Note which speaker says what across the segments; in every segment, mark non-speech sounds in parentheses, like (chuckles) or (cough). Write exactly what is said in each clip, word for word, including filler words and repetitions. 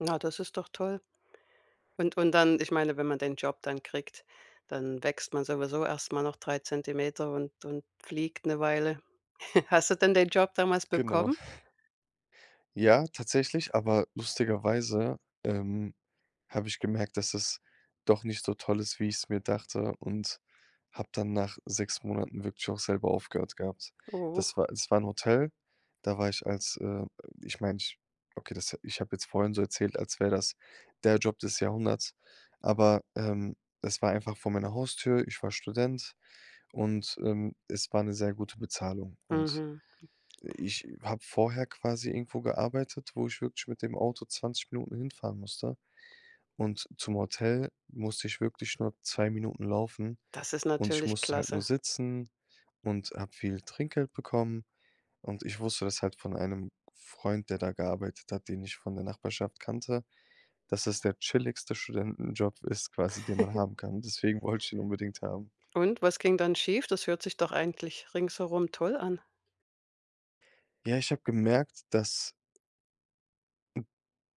Speaker 1: Na, das ist doch toll. Und und dann, ich meine, wenn man den Job dann kriegt, dann wächst man sowieso erst mal noch drei Zentimeter und und fliegt 'ne Weile. (chuckles) Hast du denn den Job damals
Speaker 2: Genau.
Speaker 1: bekommen?
Speaker 2: (chuckles) Ja, tatsächlich, aber lustigerweise, ähm, habe ich gemerkt, dass es doch nicht so toll ist, wie ich's mir dachte und habe dann nach sechs Monaten wirklich auch selber aufgehört gehabt.
Speaker 1: Oh.
Speaker 2: Das war es war 'n Hotel, da war ich als, äh ich meine ich okay, das ich habe jetzt vorhin so erzählt, als wär das der Job des Jahrhunderts, aber, ähm, das war einfach vor meiner Haustür. Ich war Student und, ähm, es war 'ne sehr gute Bezahlung. Und
Speaker 1: Mhm.
Speaker 2: ich habe vorher quasi irgendwo gearbeitet, wo ich wirklich mit dem Auto zwanzig Minuten hinfahren musste. Und zum Hotel musste ich wirklich nur zwei Minuten laufen
Speaker 1: Das ist
Speaker 2: und ich
Speaker 1: natürlich
Speaker 2: musste halt nur
Speaker 1: klasse.
Speaker 2: sitzen und hab viele Trinkgeld bekommen. Und ich wusste das halt von einem Freund, der da gearbeitet hat, den ich von der Nachbarschaft kannte, dass das der chilligste Studentenjob ist quasi, den man
Speaker 1: (giggles)
Speaker 2: haben kann. Deswegen wollte ich den unbedingt haben.
Speaker 1: Und, was ging dann schief? Das hört sich doch eigentlich ringsherum toll an?
Speaker 2: Ja, ich habe gemerkt, dass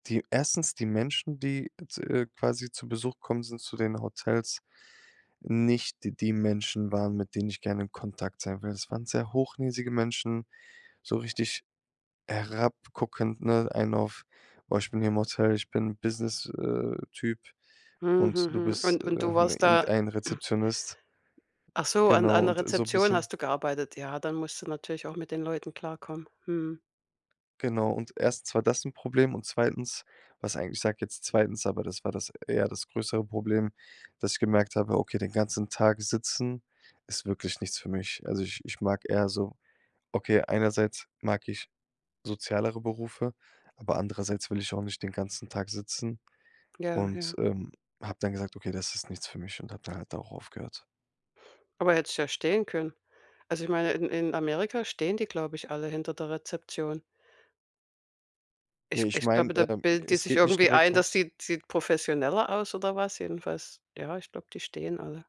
Speaker 2: die erstens die Menschen, die, z äh, quasi zu Besuch kommen sind zu den Hotels, nicht die Menschen waren, mit denen ich gerne in Kontakt sein will. Das waren sehr hochnäsige Menschen, so richtig herabguckend, ne? Einen auf: „Oh, ich bin hier im Hotel, ich bin Business, äh, Typ
Speaker 1: Mh,
Speaker 2: und du
Speaker 1: mhm.
Speaker 2: bist,
Speaker 1: Und
Speaker 2: äh,
Speaker 1: und du warst da
Speaker 2: irgendein
Speaker 1: (clears throat)
Speaker 2: Rezeptionist.“
Speaker 1: Ach so, an
Speaker 2: Genau
Speaker 1: an der
Speaker 2: und so 'n
Speaker 1: Rezeption
Speaker 2: bisschen
Speaker 1: hast du gearbeitet. Ja, dann musst du natürlich auch mit den Leuten klarkommen. Mhm.
Speaker 2: Genau und erstens war das 'n Problem und zweitens, was eigentlich ich sage jetzt zweitens, aber das war das eher das größere Problem, dass ich gemerkt habe, okay, den ganzen Tag sitzen ist wirklich nichts für mich. Also, ich ich mag eher so okay, einerseits mag ich sozialere Berufe, aber andererseits will ich auch nicht den ganzen Tag sitzen
Speaker 1: Ja,
Speaker 2: und,
Speaker 1: ja.
Speaker 2: ähm, habe dann gesagt: „Okay, das ist nichts für mich”, und habe dann halt da auch aufgehört.
Speaker 1: Aber hättest ja stehen können. Also ich meine, in in Amerika stehen die, glaube ich, alle hinter der Rezeption.
Speaker 2: Ja,
Speaker 1: Ich
Speaker 2: ich
Speaker 1: ich
Speaker 2: mein,
Speaker 1: glaube, da
Speaker 2: ähm,
Speaker 1: bilden die
Speaker 2: es
Speaker 1: sich
Speaker 2: geht nicht
Speaker 1: irgendwie
Speaker 2: direkt
Speaker 1: ein, dass
Speaker 2: ums
Speaker 1: sieht sieht professioneller aus oder was jedenfalls. Ja, ich glaub, die stehen alle.